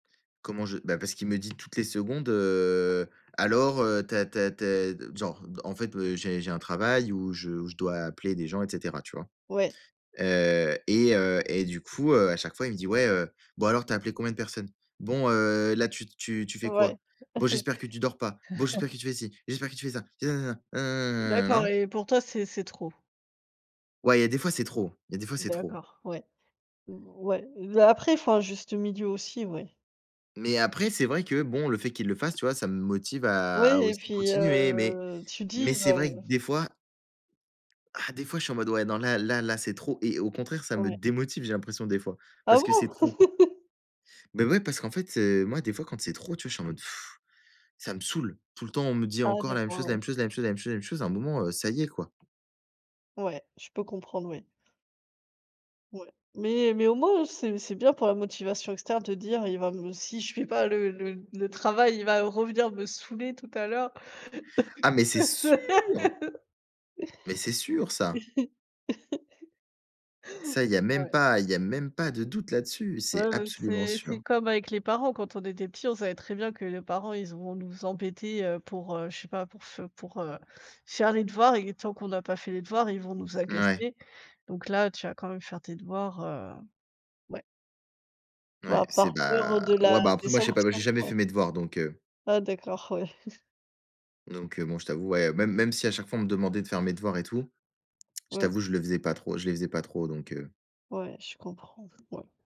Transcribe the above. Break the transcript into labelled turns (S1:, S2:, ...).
S1: Comment je bah, parce qu'il me dit toutes les secondes, heu: «Alors, heu, tu as tu as tu as» d genre, d en fait, heu, j'ai j'ai un travail où je où je dois appeler des gens, et cetera, tu vois?
S2: Ouais.
S1: Heu, et heu, et du coup, heu, à chaque fois il me dit: «Ouais, heu, bon alors, tu as appelé combien de personnes? Bon, heu, là, tu tu tu fais
S2: Ouais.
S1: quoi? Bon, j'espère que tu dors pas. Bon, j'espère que tu fais ci, j'espère que tu fais ça, et nanana,
S2: D'accord,
S1: nanananananana».
S2: et pour toi c'est c'est trop?
S1: Ouais, il y a et des fois, c'est trop. Il y a des fois, c'est trop.
S2: D'accord, ouais. Mmh, ouais. Bah, après, il faut un juste milieu aussi, ouais.
S1: Mais après, c'est vrai que bon, le fait qu'il le fasse, tu vois, ça me motive à à
S2: Ouais, et
S1: aussi
S2: puis,
S1: continuer, mais
S2: heu, tu
S1: mais
S2: dis,
S1: c'est
S2: bah
S1: vrai que des fois ah, des fois, je suis en mode: «Ouais, non, là là là, c'est trop» et au contraire, ça me
S2: Ouais.
S1: démotive, j'ai l'impression, des fois,
S2: Ah
S1: parce que
S2: bon?
S1: c'est trop. Beh ouais, parce qu'en fait, heu, moi, des fois, quand c'est trop, tu vois, je suis en mode, ça me saoule. Tout le temps, on me dit
S2: Ah,
S1: encore la même
S2: d'accord,
S1: chose la
S2: ouais.
S1: même chose la même chose la même chose la même chose, à un moment, heu, ça y est, quoi!
S2: Ouais, je peux comprendre, oui. Ouais. Mais, heu, mais au moins, heu, c'est c'est bien pour la motivation externe, te dire: «Il va me si je fais pas le le le travail, il va revenir me saouler tout à l'heure».
S1: Ah mais c'est sûr. Mais c'est sûr, ça. Ça, il y a même
S2: Ouais.
S1: pas il y a même pas de doute là-dessus.
S2: Ouais,
S1: C'est
S2: ouais,
S1: absolument
S2: c'est c'est
S1: sûr!
S2: comme avec les parents, quand on était petit, on savait très bien que les parents ils iront nous embêter, heu, pour, heu, je sais pas, pour f pour, heu, faire les devoirs et tant qu'on a pas fait les devoirs, ils vont nous
S1: Mouais.
S2: agacer. Donc là, tu vas quand même faire tes devoirs, heu, ouais.
S1: Ouais,
S2: Voi
S1: c'est,
S2: par peur, heu,
S1: bah
S2: de
S1: ouais,
S2: la
S1: bah,
S2: des
S1: après, moi, je sais pas, moi, j'ai
S2: sanctions,
S1: jamais
S2: ouais.
S1: fait mes devoirs, donc heu
S2: Ah, d'accord, ouais.
S1: donc heu, bon, je t'avoue, ouais, même même si à chaque fois on me demandait de faire mes devoirs et tout, je
S2: Ouais.
S1: t'avoue, je le faisais pas trop, je les faisais pas trop, donc heu.
S2: Ouais, je comprends, ouais.